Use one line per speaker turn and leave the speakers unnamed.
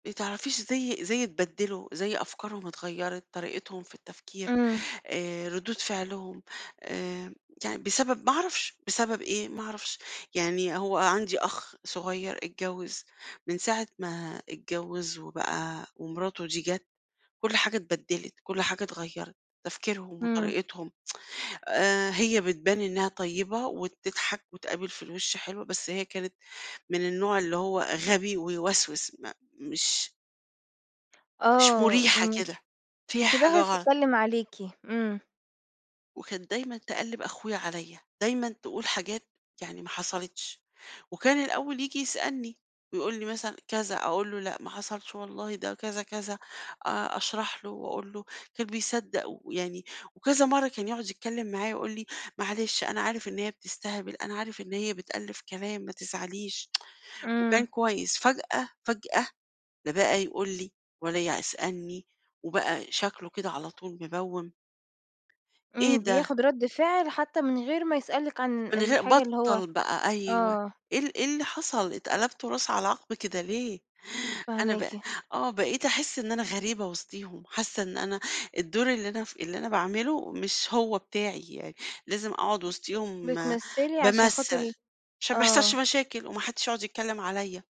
ما تعرفيش زي زي اتبدّلوا، زي أفكارهم اتغيّرت، طريقتهم في التفكير
إمم.
آآ، ردود فعلهم آآ، يعني بسبب ما اعرفش، بسبب إيه؟ ما اعرفش يعني هو عندي أخ صغيّر اتجوّز، من ساعة ما اتجوّز وبقى ومراته دي جَت كلّ حاجة اتبدّلت، كلّ حاجة اتغيّرت، تفكيرهم
إمم.
وطريقتهم، آآ، هي بتبان إنها طيبة وبتضْحك وتقابل في الوِش حلو، بس هي كانت من النوع اللي هو غبي ويوسوس، ما مش مش
آه،
مرِيحة
إمم.
كده،
م
فيها
في
حاجة
ضهرِك
غلط.
تتكلّم عليكِ، إمم.
وكانت دايمًا تقلِّب أخويا عليَّ، دايمًا تقول حاجات يعني ما حصلِتش، وكان الأول ييجي يسألني ويقول لي مثلًا كذا، أقول له: "لأ، ما حصلتش والله ده كذا، كذا." آآ، أشرَح له واقول له كان بيصدَّق ويعني وكذا مرّة كان يقعُد يتكلّم معايا ويقول لي: "معلش، أنا عارف إن هي بتستهبل، أنا عارف إن هي بتألِّف كلام ما تزعليش."
إمم.
وكان كويس، فجأة، فجأة، لا بقى يقُل لي ولا يسألني وبقى شكله كده على طول مبوِّم. إيه
إمم،
ده؟
بياخد رَد فعل، حتى من غير ما يسألِك عن
من غي
الحاجة اللي هو
بطّل بقى، أيوه
آه.
إيه ال إيه اللي حصَل اتقلبتوا راس على عَقب كده ليه؟ أنا بقى،
فاهماكِ.
آه بقيت احس إن أنا غريبة وسطيهم، حاسّة إن أنا الدور اللي أنا ف اللي أنا باعمله مش هو بتاعي، يعني لازم اقعُد وسطيهم
بتمثّلي عشان خاطر
بامثّل عشان ما يحصَلش
آه.
مشاكل وما حدّش يقعُد يتكلّم عليَّ.